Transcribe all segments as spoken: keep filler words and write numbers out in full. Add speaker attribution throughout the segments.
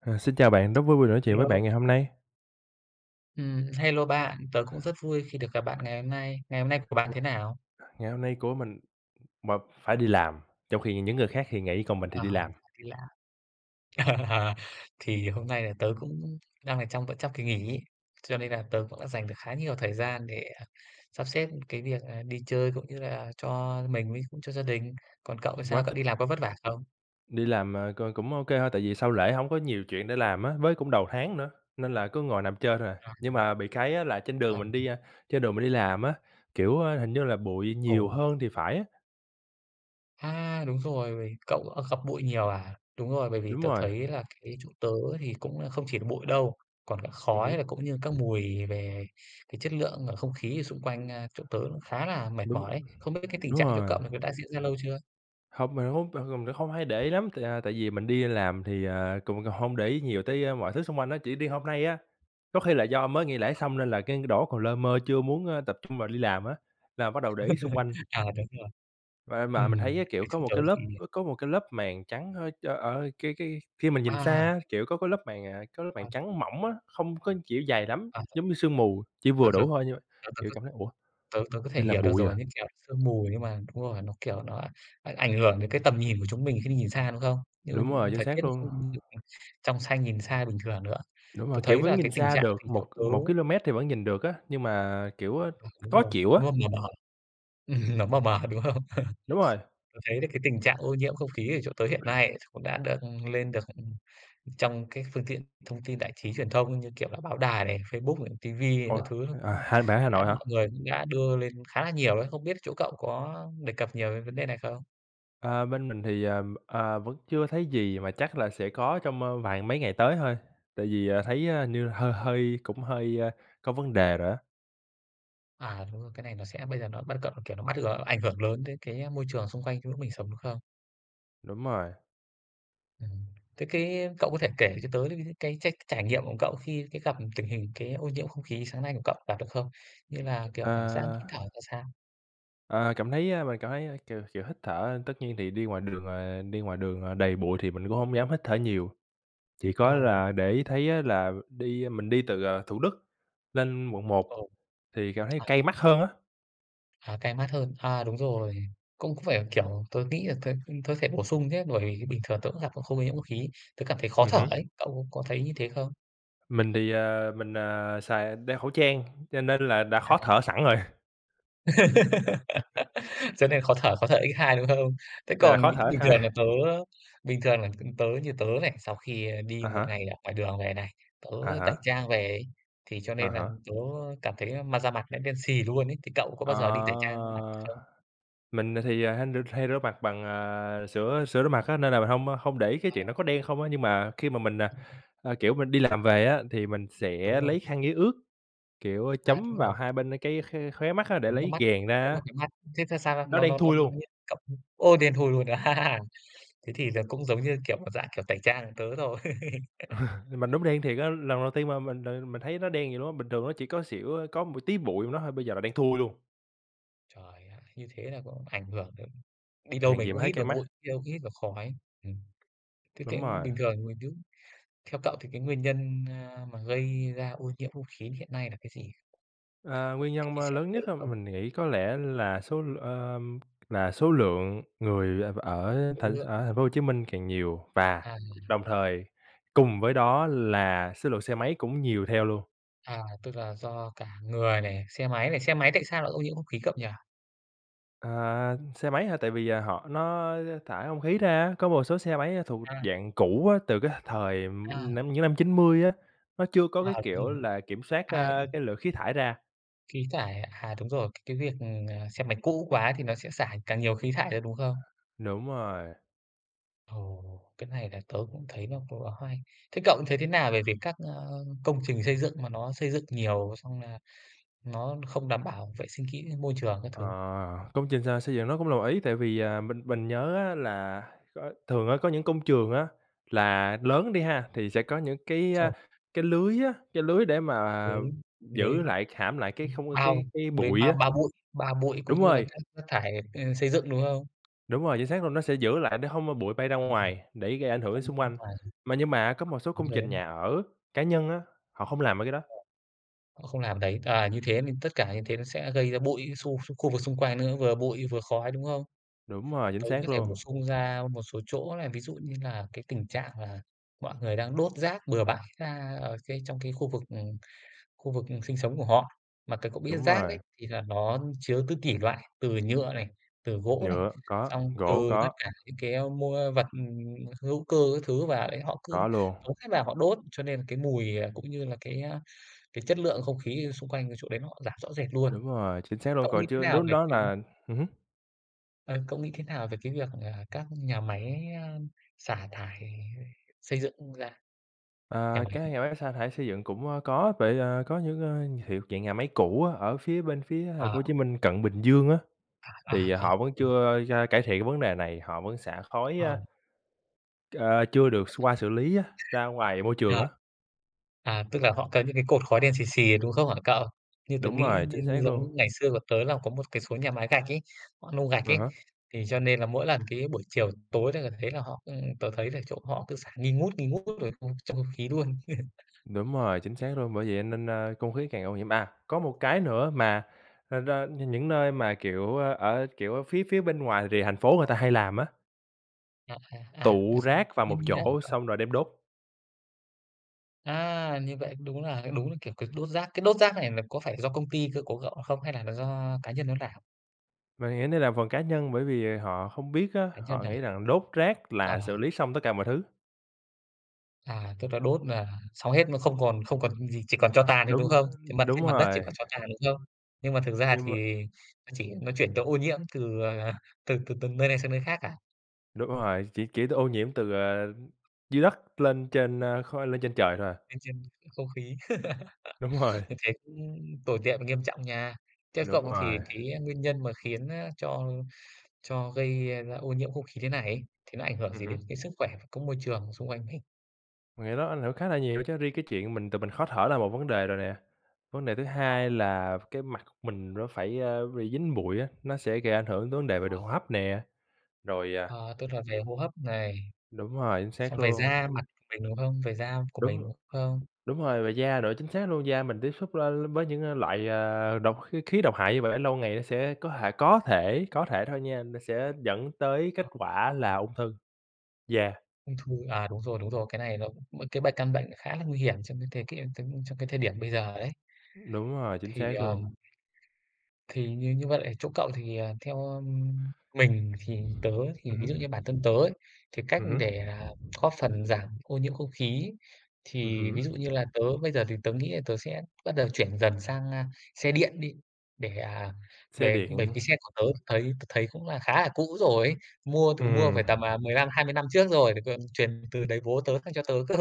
Speaker 1: Ờ, xin chào bạn, rất vui được nói
Speaker 2: A
Speaker 1: chuyện với bạn
Speaker 2: lô.
Speaker 1: ngày hôm nay.
Speaker 2: Ừm, hello bạn, tớ cũng rất vui khi được gặp bạn ngày hôm nay. Ngày hôm nay của bạn
Speaker 1: Ừm,
Speaker 2: thế nào?
Speaker 1: ngày hôm nay của mình mà phải đi làm, trong khi những người khác thì nghỉ còn mình thì
Speaker 2: Ờ,
Speaker 1: đi làm.
Speaker 2: kỳ lạ. Ờ, thì hôm nay là tớ cũng đang ở trong vẫn trong kỳ nghỉ ấy, cho nên là tớ cũng đã dành được khá nhiều thời gian để, à, sắp xếp cái việc, à, đi chơi cũng như là cho mình với cho gia đình. Còn cậu thì
Speaker 1: Ừm, quá
Speaker 2: sao, cậu
Speaker 1: thích!
Speaker 2: đi làm có vất vả không?
Speaker 1: Đi làm, ờ, c cũng ô kê thôi, tại vì sau lễ hổng có nhiều chuyện để làm á, với cũng đầu tháng nữa, nên là cứ ngồi nằm chơi thôi à. Nhưng mà bị cái á là
Speaker 2: [unintelligible]
Speaker 1: trên
Speaker 2: Ờ.
Speaker 1: đường mình đi, a, trên đường mình đi làm á, kiểu, á, hình như là bụi nhiều
Speaker 2: Ồ!
Speaker 1: hơn thì phải á.
Speaker 2: À, đúng rồi, vậy cậu, ờ, gặp bụi nhiều à? Đúng rồi, bởi vì
Speaker 1: Đúng
Speaker 2: tớ
Speaker 1: rồi.
Speaker 2: thấy là cái chỗ tớ thì cũng là không chỉ là bụi đâu, còn cả
Speaker 1: Ừm hứm.
Speaker 2: khói là cũng như các mùi về cái chất lượng ở không khí xung quanh, a, chỗ tớ khá là mệt
Speaker 1: Đúng,
Speaker 2: mỏi
Speaker 1: ơ,
Speaker 2: đấy. Không biết cái cái tình
Speaker 1: đúng
Speaker 2: trạng chỗ
Speaker 1: rồi.
Speaker 2: cậu này nó đã diễn ra lâu chưa?
Speaker 1: Hông [unintelligible] không hay để ý lắm, tại, à, tại vì mình đi làm thì, ờ, cũng h hông để ý nhiều tới, ơ, mọi thứ xung quanh á, chỉ đi hôm nay á. Có khi là do mới nghỉ lễ xong nên là cái đổ còn lơ mơ chưa muốn, ơ, tập trung vào đi làm á là bắt đầu để ý xung quanh.
Speaker 2: À, đúng rồi.
Speaker 1: Và mà mình
Speaker 2: Ừm,
Speaker 1: thấy cái kiểu
Speaker 2: cái
Speaker 1: có
Speaker 2: chỗ
Speaker 1: một
Speaker 2: tớ
Speaker 1: cái lớp,
Speaker 2: thì, ờ
Speaker 1: ơ, có một cái lớp màn trắng, hơi ơ, ở cái cái khi mình nhìn xa
Speaker 2: À.
Speaker 1: á, kiểu, có cái lớp màn, à, có lớp màn
Speaker 2: À.
Speaker 1: trắng mỏng á, không có kiểu dày lắm,
Speaker 2: À. [unintelligible]
Speaker 1: giống như sương mù, chỉ
Speaker 2: À,
Speaker 1: vừa đủ
Speaker 2: vâng.
Speaker 1: thôi như vậy.
Speaker 2: Tớ tớ
Speaker 1: Kiểu
Speaker 2: tớ
Speaker 1: cảm thấy: "Ủa,
Speaker 2: tớ tớ có thể
Speaker 1: đây là
Speaker 2: hiểu được
Speaker 1: bụi
Speaker 2: rồi,
Speaker 1: à?"
Speaker 2: như kiểu sương mù nhưng mà đúng rồi, nó, kiểu, nó ảnh ảnh hưởng đến cái tầm nhìn của chúng mình khi mình nhìn xa, đúng không? Như
Speaker 1: Đúng rồi, chính
Speaker 2: thời tiết
Speaker 1: xác
Speaker 2: nó
Speaker 1: luôn.
Speaker 2: không được trong xanh nhìn xa bình thường nữa.
Speaker 1: Đúng rồi,
Speaker 2: Tớ
Speaker 1: kiểu
Speaker 2: thấy
Speaker 1: vẫn
Speaker 2: là
Speaker 1: nhìn
Speaker 2: cái tình
Speaker 1: xa
Speaker 2: trạng
Speaker 1: được
Speaker 2: thì chỗ
Speaker 1: một
Speaker 2: tớ
Speaker 1: một ki-lô-mét thì vẫn nhìn được á, nhưng mà, kiểu, ơ,
Speaker 2: Ờ, đúng
Speaker 1: khó
Speaker 2: rồi,
Speaker 1: chịu á.
Speaker 2: nó m mờ mờ ấy. Ừm, nó mờ mờ, đúng không?
Speaker 1: Đúng rồi.
Speaker 2: Tớ thấy là cái tình trạng ô nhiễm không khí ở chỗ tớ hiện nay cũng đã được ừm, lên được, ừm, trong cái phương tiện thông tin đại trí truyền thông như kiểu là báo đài này, Facebook này, TV
Speaker 1: Ủa,
Speaker 2: các thứ nó
Speaker 1: à,
Speaker 2: cũng
Speaker 1: hay bạn ở Hà
Speaker 2: đã
Speaker 1: Nội hả?
Speaker 2: mọi người cũng đã đưa lên khá là nhiều đấy. Không biết chỗ cậu có đề cập nhiều đến vấn đề này không?
Speaker 1: Ờ, bên mình thì, ờ, ờ, vẫn chưa thấy gì mà chắc là sẽ có trong, ơ, vài mấy ngày tới thôi, tại vì, ờ, thấy, ơ, hình như hơi hơi cũng hơi, a, có vấn đề rồi á.
Speaker 2: À, đúng rồi, cái này nó sẽ bây giờ nó bắt cận nó kiểu nó mách gờ ảnh hưởng lớn đến cái, a, môi trường xung quanh trong lúc mình sống đúng không?
Speaker 1: Đúng rồi.
Speaker 2: Ừm. Thế cái cậu có thể kể cho tớ những c cái trách trải nghiệm của cậu khi cái gặp tình hình cái ô nhiễm không khí sáng nay của cậu gặp được không? Như là, kiểu, cảm giác hít thở
Speaker 1: Ơ.
Speaker 2: ra sao?
Speaker 1: Ờ, cảm thấy, ơ mình cảm thấy, kiểu kiểu, hít thở tất nhiên thì đi ngoài đường, ờ, đi ngoài đường, à, đầy bụi thì mình cũng hông dám hít thở nhiều, chỉ có
Speaker 2: Ồ.
Speaker 1: là để ý thấy á là đi mình đi từ, à, Thủ Đức lên Quận 1
Speaker 2: Ồ.
Speaker 1: thì cảm thấy
Speaker 2: À.
Speaker 1: cay mắt hơn á.
Speaker 2: À, cay mắt hơn. À, đúng rồi. Cũng phải, kiểu, tớ nghĩ là t tớ thể bổ sung nhé bởi vì bình thường tớ cũng gặp không nhiễm ô khí. Tớ cảm thấy khó
Speaker 1: Ừm
Speaker 2: thở
Speaker 1: hứm.
Speaker 2: ấy, cậu có thấy như thế không?
Speaker 1: Mình thì, à, mình, à, xài đeo khẩu trang cho nên là đã
Speaker 2: À.
Speaker 1: khó thở sẵn rồi.
Speaker 2: Cho nên khó thở, khó thở X hai, đúng không? Thế
Speaker 1: Này là
Speaker 2: còn
Speaker 1: khó
Speaker 2: bình
Speaker 1: thở X
Speaker 2: bình
Speaker 1: hai.
Speaker 2: thường là tớ bình thường là tớ như tớ này, sau khi đi
Speaker 1: À
Speaker 2: một
Speaker 1: há.
Speaker 2: ngày ở ngoài đường về này, tớ
Speaker 1: À
Speaker 2: tẩy
Speaker 1: há.
Speaker 2: trang về ấy, thì cho
Speaker 1: À
Speaker 2: nên là
Speaker 1: há.
Speaker 2: tớ cảm thấy mặt da mặt nó đen xì luôn ấy, thì cậu có bao giờ đi
Speaker 1: Ờ,
Speaker 2: tẩy trang mặt không?
Speaker 1: mình thì hen r hay rửa mặt bằng, à, sửa sửa rửa mặt á nên là mình hông không để ý cái
Speaker 2: Ờ.
Speaker 1: chuyện đó có đen không á, nhưng mà khi mà mình, à, a, kiểu, mình đi làm về á thì mình
Speaker 2: Đúng
Speaker 1: sẽ
Speaker 2: rồi.
Speaker 1: lấy khăn giấy ướt, kiểu, a,
Speaker 2: À,
Speaker 1: chấm
Speaker 2: đúng
Speaker 1: vào
Speaker 2: rồi.
Speaker 1: hai bên, ơ, cái kh khóe mắt á để
Speaker 2: Chấm vào
Speaker 1: lấy
Speaker 2: mắt,
Speaker 1: ghèn ra
Speaker 2: chấm
Speaker 1: á.
Speaker 2: vào cái mắt, thế thế sao, a,
Speaker 1: Nó
Speaker 2: nó
Speaker 1: đen
Speaker 2: nó nó
Speaker 1: thui
Speaker 2: nó
Speaker 1: luôn.
Speaker 2: nghiêng cộng ô, đen thui luôn. Thế thì nó cũng giống như, kiểu, một dạng kiểu tẩy trang của tớ thôi.
Speaker 1: Mình đúng đen thiệt á, lần đầu tiên mà mình, ờ, mình thấy nó đen vậy luôn á, bình thường nó chỉ có xỉu có một tí bụi trong đó thôi, bây giờ là đen thui luôn.
Speaker 2: Trời ạ, như thế là cũng ảnh hưởng đấy. Đi đâu
Speaker 1: Hèn
Speaker 2: mình
Speaker 1: gì
Speaker 2: cũng
Speaker 1: mà thấy
Speaker 2: hít
Speaker 1: cay
Speaker 2: vào
Speaker 1: mắt.
Speaker 2: bụi, đi đâu cũng hít vào khói. Ừm. Thế thế
Speaker 1: Đúng rồi.
Speaker 2: bình thường mình cứ theo cậu thì cái nguyên nhân, ơ, mà gây ra ô nhiễm không khí hiện nay là cái gì?
Speaker 1: Ờ,
Speaker 2: Cậu
Speaker 1: nguyên
Speaker 2: có thể
Speaker 1: nhân
Speaker 2: chia
Speaker 1: mà
Speaker 2: sẻ với
Speaker 1: lớn
Speaker 2: tớ
Speaker 1: nhất
Speaker 2: được
Speaker 1: á,
Speaker 2: không?
Speaker 1: mình nghĩ có lẽ là số ờ, là số lượng người, ờ, ở th
Speaker 2: Khối lượng.
Speaker 1: ở thành phố Hồ Chí Minh càng nhiều, và
Speaker 2: À.
Speaker 1: đồng thời cùng với đó là số lượng xe máy cũng nhiều theo luôn.
Speaker 2: À, tức là do cả người này, xe máy này. Xe máy tại sao lại ô nhiễm không khí cậu nhỉ?
Speaker 1: À, xe máy hả? Tại vì, ờ, họ nó, ơ, thải không khí ra á, có một số xe máy á, thuộc
Speaker 2: À.
Speaker 1: dạng cũ á, từ cái th thời, ừm,
Speaker 2: À.
Speaker 1: năm những năm chín mươi á, nó chưa có
Speaker 2: À,
Speaker 1: cái
Speaker 2: đúng
Speaker 1: kiểu
Speaker 2: rồi.
Speaker 1: là kiểm soát,
Speaker 2: A,
Speaker 1: ơ,
Speaker 2: ừm.
Speaker 1: cái lượng khí thải ra.
Speaker 2: Khí thải ạ? À, đúng rồi. Cái việc, ờ, ờ, xe máy cũ quá thì nó sẽ xả càng nhiều khí thải ra, đúng không?
Speaker 1: Đúng rồi.
Speaker 2: Ồ! Cái này là tớ cũng thấy nó cũng là khá hay. Thế cậu thấy thế nào về việc các, ơ, công trình xây dựng mà nó xây dựng nhiều xong nà nó không đảm bảo vệ sinh kỹ với môi trường các
Speaker 1: Ờ,
Speaker 2: thứ?
Speaker 1: công trình x xây dựng nó là một ý. Tại vì, ờ, mình mình nhớ á, là có thường á, có những công trường á, là lớn đi ha, thì sẽ có những
Speaker 2: Đúng
Speaker 1: cái, a,
Speaker 2: rồi.
Speaker 1: cái lưới á, cái lưới để mà
Speaker 2: Lưới lưới,
Speaker 1: giữ lại, hãm lại cái
Speaker 2: ưm,
Speaker 1: không cái
Speaker 2: bao,
Speaker 1: cái
Speaker 2: lưới
Speaker 1: bụi
Speaker 2: bao
Speaker 1: á.
Speaker 2: bao bụi bao bụi cũng
Speaker 1: Đúng
Speaker 2: như là
Speaker 1: rồi.
Speaker 2: các rác thải, ơ, xây dựng, đúng không?
Speaker 1: Đúng rồi, chính xác luôn. Nó sẽ giữ lại để hông bụi bay ra
Speaker 2: Ừm. [unintelligible]
Speaker 1: ngoài để gây ảnh hưởng đến xung
Speaker 2: Đúng
Speaker 1: quanh. Mà nhưng mà có một số
Speaker 2: rồi
Speaker 1: công
Speaker 2: đấy.
Speaker 1: trình nhà ở, cá nhân á, họ hông làm mấy cái đó.
Speaker 2: Đúng rồi. Không làm đấy. À, như thế thì tất cả như thế nó sẽ gây ra bụi xu khu vực xung quanh nữa, vừa bụi vừa khói, đúng không?
Speaker 1: Đúng rồi, chính
Speaker 2: Tớ cũng có
Speaker 1: xác
Speaker 2: thể
Speaker 1: luôn.
Speaker 2: bổ sung ra một số chỗ lày, ví dụ như là cái tình trạng là mọi người đang đốt rác bừa bãi ra ở cái trong cái khu vực, ừm, khu vực, ừm, sinh sống của họ. Mà cái cậu biết,
Speaker 1: Đúng
Speaker 2: rác
Speaker 1: rồi.
Speaker 2: đấy, thì là nó chứa ti tỷ loại từ nhựa này, từ gỗ này,
Speaker 1: Nhựa có,
Speaker 2: xong từ
Speaker 1: gỗ
Speaker 2: tất
Speaker 1: có.
Speaker 2: cả những cái, ơ, mua vật, ừm, hữu cơ các thứ, và, đấy, họ cứ
Speaker 1: Có luôn.
Speaker 2: tống hết vào họ đốt. Cho nên là cái mùi, ờ, cũng như là cái, a, cái chất lượng không khí, ở, xung quanh cái chỗ đấy nó giảm rõ rệt luôn.
Speaker 1: Đúng rồi, chính xác luôn.
Speaker 2: Cậu nghĩ
Speaker 1: Còn
Speaker 2: thế
Speaker 1: chưa
Speaker 2: nào
Speaker 1: lúc
Speaker 2: về
Speaker 1: đó
Speaker 2: cái
Speaker 1: là ừm hứm.
Speaker 2: Ờ, cậu nghĩ thế nào về cái việc, à, các nhà máy, ơm, xả thải xây dựng ra? Nhà
Speaker 1: Ơ,
Speaker 2: máy.
Speaker 1: các nhà máy xả thải xây dựng cũng, ơ, có vậy, ờ, có những, ơ, hiệu dạng nhà máy cũ á, ở phía bên phía Thành
Speaker 2: Ờ.
Speaker 1: phố Hồ Chí Minh cận Bình Dương á,
Speaker 2: À,
Speaker 1: thì
Speaker 2: à, à,
Speaker 1: họ vẫn
Speaker 2: ừm.
Speaker 1: chưa da cải thiện vấn đề này, họ vẫn xả khói,
Speaker 2: Ờm.
Speaker 1: a à, chưa được
Speaker 2: Rồi
Speaker 1: x
Speaker 2: sao?
Speaker 1: qua xử lý á, ra ngoài môi trường
Speaker 2: Ờ,
Speaker 1: á.
Speaker 2: à, tức là họ có những cái cột khói đen sì sì, đúng không hả cậu? Như tớ
Speaker 1: Đúng
Speaker 2: nghĩ
Speaker 1: rồi,
Speaker 2: như
Speaker 1: chính xác luôn.
Speaker 2: giống ngày xưa của tớ là có một cái số nhà máy gạch ấy, họ nung gạch
Speaker 1: À
Speaker 2: ấy,
Speaker 1: há.
Speaker 2: thì cho nên là mỗi lần cái buổi chiều tối tớ là thấy là họ, ưm, tớ thấy là chỗ họ cứ xả nghi ngút, nghi ngút rồi không trong không khí luôn.
Speaker 1: Đúng rồi, chính xác luôn, bởi vậy nên, a, không khí càng ô nhiễm. À! Có một cái nữa mà, ờ, đ nh những nơi mà, kiểu, ơ, ở, kiểu, ở phía phía bên ngoài rìa thành phố người
Speaker 2: Ồ.
Speaker 1: ta hay làm á
Speaker 2: À, à, à, rồi
Speaker 1: tụ
Speaker 2: sao?
Speaker 1: rác vào
Speaker 2: Như
Speaker 1: một
Speaker 2: như nào hả
Speaker 1: chỗ
Speaker 2: cậu?
Speaker 1: xong rồi đem đốt.
Speaker 2: À, như vậy đúng là đúng là, kiểu, cái đốt rác. Cái đốt rác này là có phải do công ty cơ của cậu không hay là là do cá nhân nó làm?
Speaker 1: Mình nghĩ đây là phần cá nhân, bởi vì họ không biết á,
Speaker 2: Cá nhân
Speaker 1: họ
Speaker 2: à.
Speaker 1: nghĩ rằng đốt rác
Speaker 2: Ờ.
Speaker 1: là xử lý xong tất cả mọi thứ.
Speaker 2: À, tức là đốt nà xong hết nó không còn không còn những gì, chỉ còn tro tàn thôi, đúng
Speaker 1: Đúng,
Speaker 2: không? Trên
Speaker 1: ơm,
Speaker 2: mặt
Speaker 1: đúng
Speaker 2: trên mặt đất chỉ
Speaker 1: rồi.
Speaker 2: còn cho tàn, đúng không? Nhưng mà thực ra
Speaker 1: Nhưng mà
Speaker 2: thì nó chỉ nó chuyển chỗ ô nhiễm từ, à, à, từ từ từng nơi này sang nơi khác à.
Speaker 1: Đúng rồi, chỉ kỹ từ ô nhiễm từ, ờ, dưới đất lên trên, ơ, khói lên trên trời thôi à.
Speaker 2: Lên trên cái không khí.
Speaker 1: Đúng rồi.
Speaker 2: Như thế cũng tồi tệ và nghiêm trọng nha. Theo
Speaker 1: Đúng
Speaker 2: cậu thì
Speaker 1: rồi.
Speaker 2: cái, a, nguyên nhân mà khiến, a, cho cho gây ra ô nhiễm không khí thế này ấy, thì nó ảnh hưởng
Speaker 1: Ừm
Speaker 2: gì đến
Speaker 1: hứm.
Speaker 2: cái sức khỏe có môi trường xung quanh hình?
Speaker 1: Mình nghĩ đó ảnh hưởng khá là nhiều đó chứ. Riêng cái chuyện mình tự mình khó thở là một vấn đề rồi nè. Vấn đề thứ
Speaker 2: Ờ.
Speaker 1: hai là cái mặt của mình nó phải, a, bị dính bụi á, nó sẽ gây ảnh hưởng tới vấn đề về
Speaker 2: Ờ.
Speaker 1: đường hô hấp nè, rồi, à
Speaker 2: Ờ, tức là về hô hấp này.
Speaker 1: Đúng rồi, chính xác
Speaker 2: Xong về
Speaker 1: luôn.
Speaker 2: da mặt mình đúng không, về da của
Speaker 1: Đúng.
Speaker 2: mình, không?
Speaker 1: Đúng rồi, về da nữa chính xác luôn, da mình tiếp xúc la với những, à, loại, à, độc kh khí độc hại như vậy, để lâu ngày nó sẽ có thể có thể, có thể thôi nha, nó sẽ dẫn tới kết
Speaker 2: [unintelligible]
Speaker 1: quả là ung thư da.
Speaker 2: Ung thư, à, đúng rồi, đúng rồi. Cái này nó cũng, một cái bệnh căn bệnh này khá là nguy hiểm trong những cái cái ưng tưng cho cái thời điểm bây giờ đấy.
Speaker 1: Đúng rồi, chính
Speaker 2: Thì
Speaker 1: xác
Speaker 2: à
Speaker 1: luôn.
Speaker 2: Thì như như vậy ở chỗ cậu thì, ờ, theo, ưm, mình thì tớ thì
Speaker 1: Ừm
Speaker 2: ví
Speaker 1: hứm.
Speaker 2: dụ như bản thân tớ ấy, thì cách
Speaker 1: Ừm hứm.
Speaker 2: để, à, góp phần giảm ô nhiễm không khí
Speaker 1: Ừm
Speaker 2: thì
Speaker 1: hứm.
Speaker 2: ví dụ như là tớ bây giờ thì tớ nghĩ là tớ sẽ bắt đầu chuyển dần sang, a, xe điện đi, để, à,
Speaker 1: Xe
Speaker 2: về bởi
Speaker 1: điện.
Speaker 2: vì xe của tớ thấy tớ thấy cũng là khá là cũ rồi. Mua từng mua phải
Speaker 1: Ừm.
Speaker 2: tầm, à, mười lăm hai mươi năm trước rồi, để còn truyền từ đời bố tớ sang cho tớ cơ.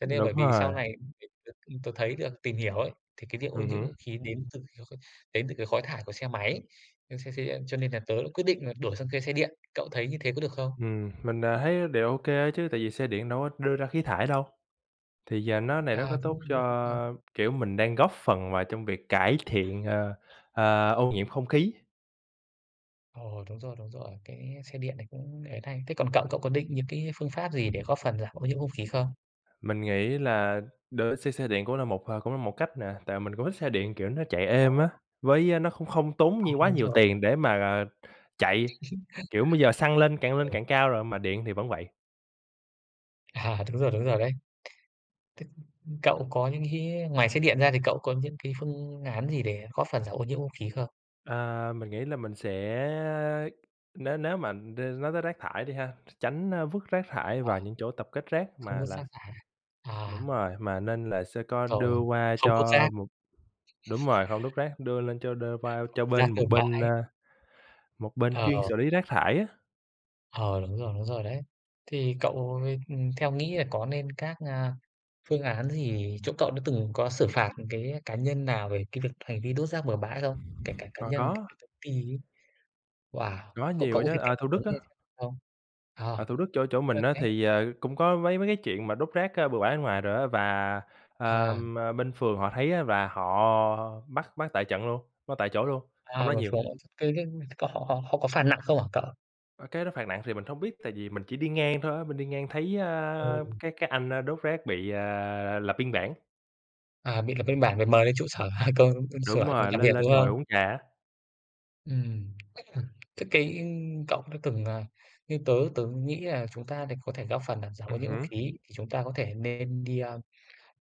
Speaker 2: Cho nên bởi
Speaker 1: Đúng
Speaker 2: vì
Speaker 1: rồi.
Speaker 2: sau này, việc được ưm, tớ thấy được tìm hiểu ấy, thì cái việc ô
Speaker 1: Ừm
Speaker 2: nhiễm
Speaker 1: hứm.
Speaker 2: không khí đến từ kh khích đến từ cái khói thải của xe máy. Nên xe xe cho nên là tớ đã quyết định là đổi sang xe xe điện, cậu thấy như thế có được không?
Speaker 1: Ừm, mình, à, thấy đều ô kê chứ tại vì xe điện đâu có đưa ra khí thải đâu. Thì giờ nó này rất có
Speaker 2: À,
Speaker 1: tốt
Speaker 2: đúng. [unintelligible]
Speaker 1: cho, kiểu, mình đang góp phần vào trong việc cải thiện, ơ, ờ, ô nhiễm không khí.
Speaker 2: Ồ, đúng rồi, đúng rồi, cái xe điện này cũng để đây. Thế còn cậu, cậu có định những cái phương pháp gì để góp phần giảm ô nhiễm không khí không?
Speaker 1: Mình nghĩ là đổi xe xe điện cũng là một cũng là một cách nè, tại mình cũng thích xe điện kiểu nó chạy
Speaker 2: Ờ.
Speaker 1: êm á, với nó cũng không tốn
Speaker 2: À,
Speaker 1: nh quá
Speaker 2: đúng
Speaker 1: nhiều
Speaker 2: rồi.
Speaker 1: tiền để mà, ờ, chạy. Kiểu bây giờ, xăng lên càng lên
Speaker 2: Ừ.
Speaker 1: càng cao rồi mà điện thì vẫn vậy.
Speaker 2: À, đúng rồi, đúng rồi, đấy. T t cậu có những cái ngoài xe điện ra, thì cậu có những cái phương án gì để góp phần giảm ô nhiễm không khí không?
Speaker 1: Ờ, mình nghĩ là mình sẽ nếu nếu mà, ơ, nói tới rác thải đi ha, tránh vứt rác thải
Speaker 2: Ờ,
Speaker 1: vào những chỗ tập kết rác,
Speaker 2: không
Speaker 1: mà
Speaker 2: vứt
Speaker 1: là
Speaker 2: rác thải à. À!
Speaker 1: đúng rồi, mà nên là sẽ có
Speaker 2: Rồi,
Speaker 1: đưa qua
Speaker 2: không vứt
Speaker 1: cho
Speaker 2: rác.
Speaker 1: một đúng rồi, hông đốt rác đưa lên cho đơ qua
Speaker 2: Không
Speaker 1: cho
Speaker 2: vứt rác
Speaker 1: bên một
Speaker 2: bừa
Speaker 1: bên, a,
Speaker 2: bãi.
Speaker 1: một bên chuyên
Speaker 2: Ờ.
Speaker 1: xử lý rác thải á.
Speaker 2: Ờ, đúng rồi, đúng rồi, đấy. Thì cậu, ơ, theo nghĩ là có nên các, a, phương án gì chỗ cậu đã từng có xử phạt cái cá nhân nào về cái việc hành vi đốt rác bừa bãi không? Kể cả cá
Speaker 1: À,
Speaker 2: nhân, kể
Speaker 1: có.
Speaker 2: cả công ty ấy? Wow!
Speaker 1: Có
Speaker 2: Cậu
Speaker 1: nhiều
Speaker 2: cậu
Speaker 1: á
Speaker 2: có thể
Speaker 1: chớ,
Speaker 2: kể
Speaker 1: à,
Speaker 2: cho
Speaker 1: Thủ
Speaker 2: tớ
Speaker 1: Đức á.
Speaker 2: nghe xem được không? Ờ,
Speaker 1: Ở Thủ Đức chỗ chỗ
Speaker 2: tức là
Speaker 1: mình á,
Speaker 2: cái
Speaker 1: thì, ờ, cũng có mấy mấy cái chuyện mà đốt rác, ơ, bừa bãi bên ngoài rồi á và, ờ,
Speaker 2: À.
Speaker 1: bên phường họ thấy á, là họ bắt bắt tại trận luôn, bắt tại chỗ luôn, hông
Speaker 2: À,
Speaker 1: nói
Speaker 2: một
Speaker 1: nhiều.
Speaker 2: số [unintelligible] cái cái họ họ họ có phạt nặng không hả cậu?
Speaker 1: Ờ, cái đó phạt nặng thì mình hông biết, tại vì mình chỉ đi ngang thôi á, mình đi ngang thấy, a,
Speaker 2: Ừm.
Speaker 1: cái cái anh, ơ, đốt rác bị, à, lập biên bản.
Speaker 2: À, bị lập biên bản rồi mời đến trụ sở công sở,
Speaker 1: Đúng
Speaker 2: ưm,
Speaker 1: rồi.
Speaker 2: làm việc,
Speaker 1: Lên lên
Speaker 2: đúng
Speaker 1: ngồi
Speaker 2: không?
Speaker 1: uống trà á.
Speaker 2: Ừm. Tức cái, ừm, cậu đã từng, ờ như tớ tớ cũng nghĩ là chúng ta để có thể góp phần làm giảm ô
Speaker 1: Ừm
Speaker 2: nhiễm không
Speaker 1: hứm.
Speaker 2: khí thì chúng ta có thể nên đi, a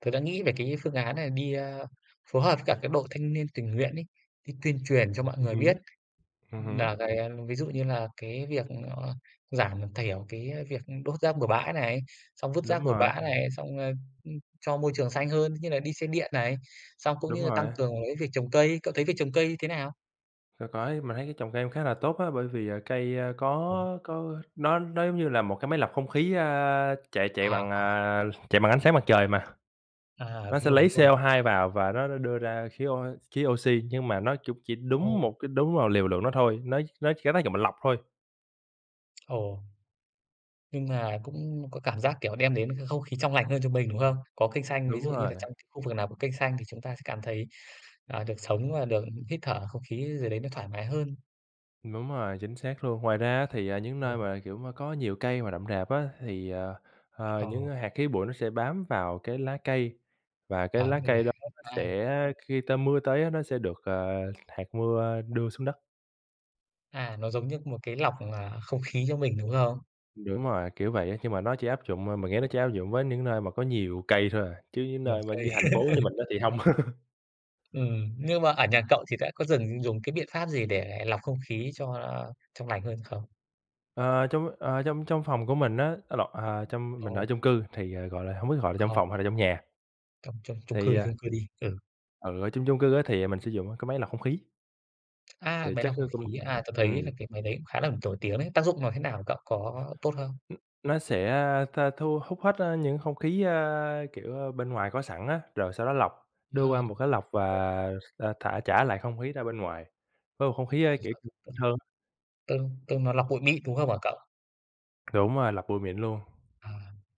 Speaker 2: tớ đã nghĩ về cái phương án nà đi, a, phối hợp các cái đội thanh niên tình nguyện ấy, đi tuyên truyền cho mọi
Speaker 1: Ừm
Speaker 2: người
Speaker 1: hứm,
Speaker 2: biết
Speaker 1: ừm hứm.
Speaker 2: nà cái, a, ví dụ như là cái việc, ơ, giảm thiểu cái việc đốt rác bừa bãi này, xong vứt rác
Speaker 1: Đúng
Speaker 2: bừa
Speaker 1: rồi.
Speaker 2: bãi này, xong, ơ, ưm, cho môi trường xanh hơn, như là đi xe điện này, xong cũng
Speaker 1: Đúng
Speaker 2: như là tăng
Speaker 1: rồi.
Speaker 2: cường cái việc trồng cây, cậu thấy việc trồng cây thế nào?
Speaker 1: C có chứ. Mình thấy cái trồng cây cũng khá là tốt á, bởi vì cây, a,
Speaker 2: Ồ!
Speaker 1: có có nó nó giống như là một cái máy lọc không khí, a, chạy chạy
Speaker 2: À,
Speaker 1: bằng,
Speaker 2: à.
Speaker 1: à, chạy bằng ánh sáng mặt trời mà.
Speaker 2: À,
Speaker 1: Nó
Speaker 2: đúng
Speaker 1: sẽ
Speaker 2: rồi,
Speaker 1: lấy
Speaker 2: đúng rồi.
Speaker 1: CO2 vào và nó đ đưa ra khí ô khí oxy, nhưng mà nó cũng chỉ đúng
Speaker 2: Ồ.
Speaker 1: một cái đúng vào liều lượng đó thôi, nó nó chỉ có tác dụng là lọc thôi.
Speaker 2: Ồ. Nhưng mà cũng có cảm giác, kiểu, đem đến cái không khí trong lành hơn cho mình, đúng không? Có cây xanh, ví
Speaker 1: Đúng
Speaker 2: dụ như
Speaker 1: rồi.
Speaker 2: là trong cái khu vực nào có cây xanh thì chúng ta sẽ cảm thấy, à, được sống và được hít thở không khí gì đấy nó thoải mái hơn.
Speaker 1: Đúng rồi, chính xác luôn. Ngoài ra á thì, à, những nơi
Speaker 2: Rồi.
Speaker 1: mà, kiểu, mà có nhiều cây mà rậm rạp á, thì, ờ, ờ, những
Speaker 2: Ờ.
Speaker 1: hạt khí bụi nó sẽ bám vào cái lá cây và cái
Speaker 2: Bám
Speaker 1: lá
Speaker 2: vô lá,
Speaker 1: cây đó nó
Speaker 2: à.
Speaker 1: sẽ khi ta mưa tới á nó sẽ được, ờ, hạt mưa đưa xuống đất.
Speaker 2: À, nó giống như một cái lọc, à, không khí cho mình, đúng không?
Speaker 1: Đúng rồi, kiểu vậy á, khi mà nó chỉ áp dụng, ờ mình nghĩ nó chỉ áp dụng với những nơi mà có nhiều cây thôi à, chứ những
Speaker 2: Nhiều
Speaker 1: nơi mà
Speaker 2: cây.
Speaker 1: như thành phố như mình á thì hông.
Speaker 2: Ừm, nhưng mà, ở nhà cậu thì đã có dừng dùng cái biện pháp gì để lọc không khí cho trong lành hơn không?
Speaker 1: Ờ, trong, ờ, trong trong phòng của mình á á lộn, à trong mình
Speaker 2: Ồ.
Speaker 1: ở chung cư thì, à, gọi là, hông biết gọi là trong
Speaker 2: Không.
Speaker 1: phòng hay là trong nhà.
Speaker 2: Trong trong chung cư,
Speaker 1: Thì à
Speaker 2: chung cư đi, ừ.
Speaker 1: Ừ, ở chung chung cư á thì mình sử dụng á, cái máy lọc không khí.
Speaker 2: À,
Speaker 1: Thì
Speaker 2: máy
Speaker 1: chắc
Speaker 2: lọc không
Speaker 1: nó cũng
Speaker 2: khí, à, tớ
Speaker 1: ừm.
Speaker 2: thấy là cái máy đấy cũng khá là nổi tiếng đấy, tác dụng nó thế nào cậu có tốt không?
Speaker 1: Ừm. Nó sẽ, a, tha thu hút hết, a, những không khí, a, kiểu, a, bên ngoài có sẵn á, rồi sau đó lọc
Speaker 2: À.
Speaker 1: đưa qua
Speaker 2: [unintelligible]
Speaker 1: một cái lọc và, à, thả trả lại không khí ra bên ngoài, với một không khí, kiểu
Speaker 2: [unintelligible]
Speaker 1: hơn.
Speaker 2: Từng từng nó lọc bụi mịn đúng không hả cậu?
Speaker 1: Đúng rồi, lọc bụi mịn luôn.
Speaker 2: À,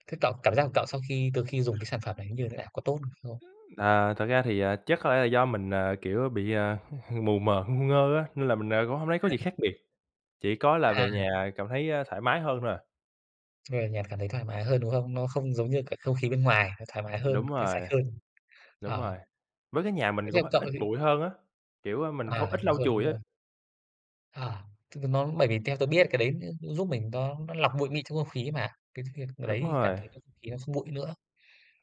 Speaker 2: thế cậu cảm giác của cậu sau khi từ khi dùng cái sản phẩm đấy như thế nào, có tốt hơn không?
Speaker 1: À, thật ra thì, à, chắc có lẽ là do mình, à, kiểu bị, a, mù mờ ngu ngơ á, nên là mình, à, cũng hổng thấy có gì khác biệt. Chỉ có là
Speaker 2: À.
Speaker 1: về nhà cảm thấy, a, thoải mái hơn thôi à.
Speaker 2: Về nhà cảm thấy thoải mái hơn, đúng hông? Nó không giống như cả không khí bên ngoài, nó thoải mái hơn,
Speaker 1: Đúng
Speaker 2: cái sạch
Speaker 1: rồi.
Speaker 2: hơn.
Speaker 1: Đúng
Speaker 2: Ờ.
Speaker 1: rồi, với cái nhà
Speaker 2: Thế
Speaker 1: mình cũng
Speaker 2: theo
Speaker 1: có
Speaker 2: cậu
Speaker 1: ít
Speaker 2: thì
Speaker 1: bụi hơn á, kiểu, mình
Speaker 2: À,
Speaker 1: hông ít
Speaker 2: đúng
Speaker 1: lau
Speaker 2: rồi,
Speaker 1: chùi
Speaker 2: đúng
Speaker 1: á.
Speaker 2: rồi. À, t t [unintelligible] bởi vì theo tớ biết cái đấy nó cũng giúp mình, nó nó lọc bụi mịn trong không khí mà. Cái việc
Speaker 1: Đúng
Speaker 2: đấy cảm
Speaker 1: rồi.
Speaker 2: thấy bầu không khí nó không bụi nữa.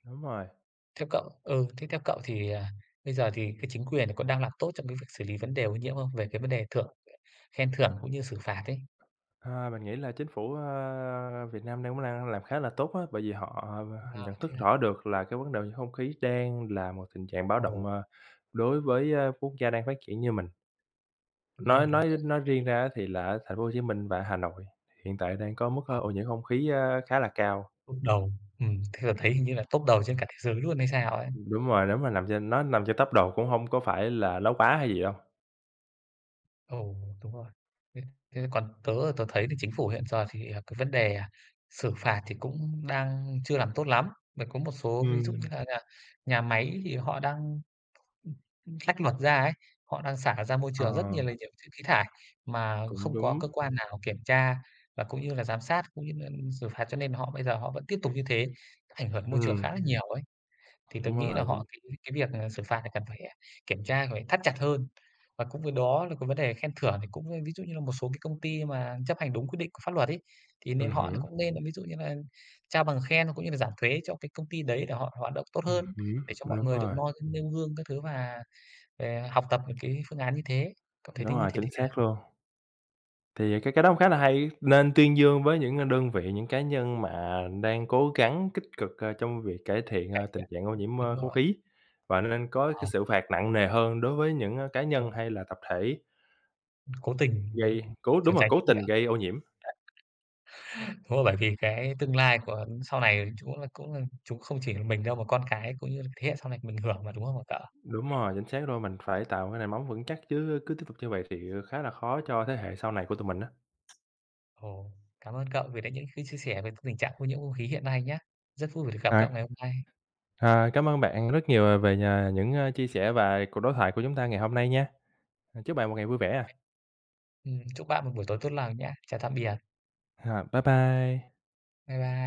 Speaker 1: Đúng rồi.
Speaker 2: Theo cậu ừ, thế theo cậu thì, à, bây giờ thì cái chính quyền có đang làm tốt trong cái việc xử lý vấn đề ô nhiễm không? Về cái vấn đề thưởng khen thưởng cũng như xử phạt ấy?
Speaker 1: À, mình nghĩ là chính phủ, a, Việt Nam đang cũng đang làm khá là tốt á. Bởi vì họ
Speaker 2: Ừm, à,
Speaker 1: nhận
Speaker 2: thế
Speaker 1: thức
Speaker 2: à.
Speaker 1: rõ được là cái vấn đề ô nhiễm không khí đang là một tình trạng báo động,
Speaker 2: Ồ.
Speaker 1: ờ, đối với, a, quốc gia đang phát triển như mình.
Speaker 2: Đúng
Speaker 1: Nói
Speaker 2: rồi, đúng
Speaker 1: nói
Speaker 2: rồi.
Speaker 1: nói
Speaker 2: Bởi vì
Speaker 1: riêng ra á thì là ở thành phố Hồ Chí Minh và Hà Nội, hiện tại đang có mức
Speaker 2: [unintelligible]
Speaker 1: ô nhiễm không khí, ơ, khá là cao.
Speaker 2: Top đầu, ừm, theo tớ thấy hình như là top đầu trên cả thế giới luôn hay sao ấy.
Speaker 1: Đúng rồi, đúng rồi. Nằm trên nói nằm trên top đầu cũng hông có phải là nói quá hay gì đâu.
Speaker 2: Ồ, đúng rồi. Thế thế còn tớ là tớ thấy là chính phủ hiện giờ thì, à, cái vấn đề xử phạt thì cũng đang chưa làm tốt lắm. Mà có một số ví dụ như
Speaker 1: Ừm.
Speaker 2: là là nhà máy thì họ đăng ưm, ưm, lách luật ra ấy, họ đang xả ra môi
Speaker 1: Ờ.
Speaker 2: trường rất nhiều là nhiều thứ khí thải mà
Speaker 1: Cũng
Speaker 2: không có
Speaker 1: đúng.
Speaker 2: cơ quan nào kiểm tra và cũng như là giám sát, cũng như nên xử phạt cho nên họ bây giờ họ vẫn tiếp tục như thế, ảnh hưởng đến môi trường
Speaker 1: Ừm.
Speaker 2: khá là nhiều ấy. Thì tớ
Speaker 1: Đúng
Speaker 2: nghĩ là
Speaker 1: rồi.
Speaker 2: họ
Speaker 1: Chính
Speaker 2: cái cái việc này là xử phạt này cần phải, à, kiểm tra, cần phải thắt chặt hơn. Và cũng với đó là cái vấn đề khen thưởng thì cũng, a, ví dụ như là một số cái công ty mà chấp hành đúng quyết định của pháp luật ấy, thì
Speaker 1: Ừm
Speaker 2: nên họ
Speaker 1: hứm.
Speaker 2: cũng nên là ví dụ như là trao bằng khen, cũng như là giảm thuế cho cái công ty đấy để họ hoạt động tốt
Speaker 1: Ừm
Speaker 2: hơn,
Speaker 1: hứm,
Speaker 2: để cho mọi
Speaker 1: đúng
Speaker 2: người được
Speaker 1: rồi.
Speaker 2: noi nêu gương các thứ và, à, học tập được cái phương án như thế. Cậu thấy
Speaker 1: Đúng
Speaker 2: thế như
Speaker 1: rồi,
Speaker 2: thế
Speaker 1: chính
Speaker 2: thế nào?
Speaker 1: xác luôn. Thì, à, cái cái đó cũng khá là hay, nên tuyên dương với những, à, đơn vị, những cá nhân mà đang cố gắng kích cực, ơ, trong việc cải thiện,
Speaker 2: Cải
Speaker 1: ơ, tình
Speaker 2: thiện,
Speaker 1: trạng ô nhiễm,
Speaker 2: đúng
Speaker 1: ơ, không
Speaker 2: rồi.
Speaker 1: khí và nên có cái
Speaker 2: Ờ.
Speaker 1: sự phạt nặng nề hơn đối với những cá nhân
Speaker 2: Rồi.
Speaker 1: hay là tập thể
Speaker 2: Cố tình,
Speaker 1: gây,
Speaker 2: ừm,
Speaker 1: cố đúng
Speaker 2: trốn
Speaker 1: rồi,
Speaker 2: tránh
Speaker 1: cố
Speaker 2: trách
Speaker 1: tình
Speaker 2: nhiệm.
Speaker 1: gây ô nhiễm.
Speaker 2: Thôi, bởi vì cái tương lai của sau này, chúng là cũng là chúng không chỉ là mình đâu mà con cái cũng như là thế hệ sau này mình hưởng mà đúng không hả cậu?
Speaker 1: Đúng rồi, chính xác luôn. Mình phải tạo cái nề móng vững chắc chứ, cứ tiếp tục như vậy thì khá là khó cho thế hệ sau này của tụi mình á.
Speaker 2: Ồ, cảm ơn cậu vì đã những cái chia sẻ về t tình trạng ô nhiễm không khí hiện nay nhá. Rất vui vì được gặp cậu
Speaker 1: À.
Speaker 2: ngày hôm nay.
Speaker 1: À, cám ơn bạn rất nhiều về nh những, ờ, chia sẻ và cuộc đối thoại của chúng ta ngày hôm nay nha. À, chúc bạn một ngày vui vẻ a.
Speaker 2: Ừm, chúc bạn một buổi tối tốt lào nhá. Chào tạm biệt.
Speaker 1: H bye bye.
Speaker 2: Bye bye.